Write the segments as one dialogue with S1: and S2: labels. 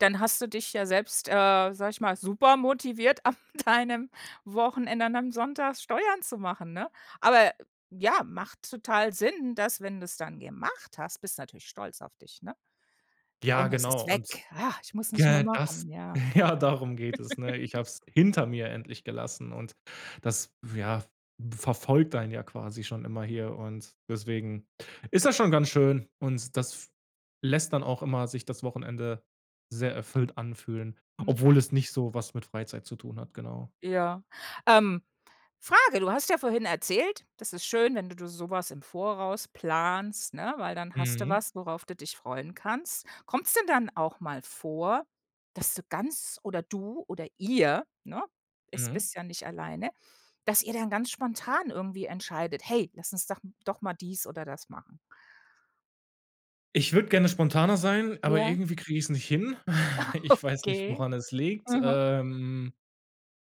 S1: Dann hast du dich ja selbst, äh, sage ich mal, super motiviert, am deinem Wochenende und am Sonntag Steuern zu machen, ne? Aber ja, macht total Sinn, dass, wenn du's dann gemacht hast, bist du natürlich stolz auf dich, ne?
S2: Ja,
S1: Und es
S2: genau
S1: ist
S2: und
S1: weg: „Ah, ich muss es nicht mehr
S2: ge das
S1: machen“, ja.
S2: ja, darum geht es, ne? Ich habe es hinter mir endlich gelassen und das w ja verfolgt einen ja quasi schon immer hier und deswegen ist das schon ganz schön und das lässt dann auch immer sich das Wochenende sehr erfüllt anfühlen,
S1: Mhm.
S2: obwohl es nicht so was mit Freizeit zu tun hat, genau.
S1: Ja. Ähm, Frage, du hast ja vorhin erzählt, das ist schön, wenn d du so was im Voraus planst, ne? Weil dann hast du
S2: Mhm.
S1: was, worauf du dich freuen kannst. Kommt's denn dann auch mal vor, dass du ganz oder du oder ihr, ne? Es
S2: Mhm.
S1: bist ja nicht alleine, dass ihr dann ganz spontan irgendwie entscheidet: „Hey, lass uns doch doch mal dies oder das machen?“
S2: Ich würde gerne spontaner sein, aber
S1: Ja?
S2: irgendwie kriege ich's nicht hin.
S1: Ah
S2: Ich weiß nicht,
S1: okay.
S2: woran es liegt.
S1: Mhm.
S2: Ähm.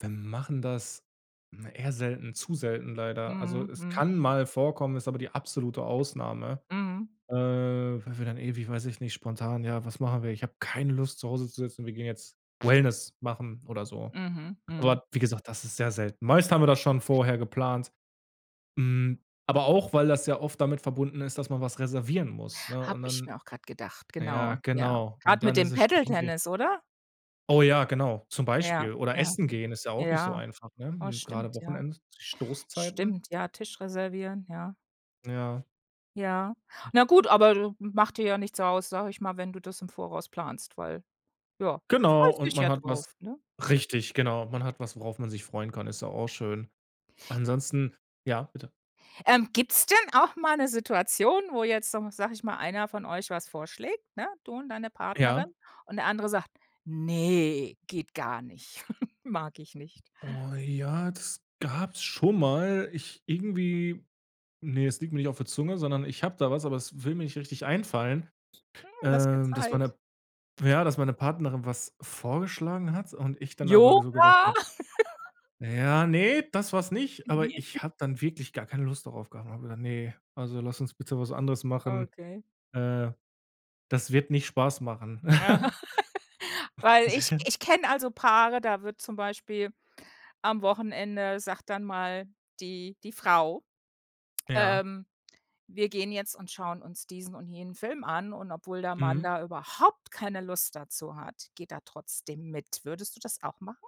S2: Wir machen das na, eher selten, zu selten leider. Also,
S1: Mhm,
S2: es
S1: mhm.
S2: kann mal vorkommen, ist aber die absolute Ausnahme,
S1: Mhm.
S2: äh, weil wir dann ewig weiß ich nicht, spontan, ja: „Was machen wir? Ich habe keine Lust, zu Hause zu sitzen, wir gehen jetzt Wellness machen oder so.“
S1: Mhm. Mhm.
S2: Aber wie gesagt, das ist sehr selten. Meist haben wir das schon vorher geplant. Hm, aber auch, weil das ja oft damit verbunden ist, dass man was reservieren muss, ne?
S1: Habe
S2: Und
S1: ich
S2: dann
S1: mir auch gerade gedacht,
S2: ja,
S1: genau. Ja,
S2: genau. Und
S1: gerade
S2: dann
S1: mit
S2: ist
S1: dem
S2: es
S1: Paddle
S2: schwierig.
S1: Tennis, oder?
S2: Oh ja, genau, zum
S1: Ja,
S2: Beispiel. Oder
S1: ja,
S2: Essen gehen ist ja auch nicht so
S1: ja.
S2: einfach, ne?
S1: Oh,
S2: Hm, gerade
S1: stimmt, ja.
S2: wochenends, Stoßzeiten.
S1: Stimmt, ja, Tisch reservieren, ja.
S2: Ja.
S1: Ja. Na gut, aber d macht dir ja nichts aus, sage ich mal, wenn du das im Voraus planst, weil, ja,
S2: Genau,
S1: freust
S2: und
S1: dich
S2: man
S1: ja
S2: hat was
S1: drauf, ne?
S2: richtig, genau. Man hat was, worauf man sich freuen kann, ist doch auch schön. Ansonsten ja, bitte?
S1: Ähm, gibt's denn auch mal 'ne Situation, wo jetzt so sage ich mal, einer von euch was vorschlägt, ne, du und deine Partnerin
S2: Ja.
S1: und der andere sagt: „Ne, geht gar nicht, mag ich nicht?“
S2: Oh, ja, das gab's schon mal. Ich irgendwie, ne, es liegt mir nicht auf der Zunge, sondern ich habe da was, aber es will mir nicht richtig einfallen.
S1: Mhm. Lass dir
S2: Ähm, das war
S1: Zeit.
S2: 'ne ja, dass meine Partnerin was vorgeschlagen hat und ich dann aber so gesagt
S1: Yoga?
S2: habe ja, ne, das war's nicht, aber
S1: [unintelligible]
S2: ich habe dann wirklich gar keine Lust darauf gehabt und habe gedacht: „Ne, also lass uns bitte was anderes machen.
S1: Okay.
S2: Äh. Das wird nicht Spaß machen.“
S1: Aha. Weil ich ich kenne also Paare, da wird zum Beispiel am Wochenende sagt dann mal die die Frau,
S2: Ja.
S1: ähm: „Wir gehen jetzt und schauen uns diesen und jenen Film an.“ Und obwohl der Mann
S2: Mhm.
S1: da überhaupt keine Lust dazu hat, geht er trotzdem mit. Würdest du das auch machen?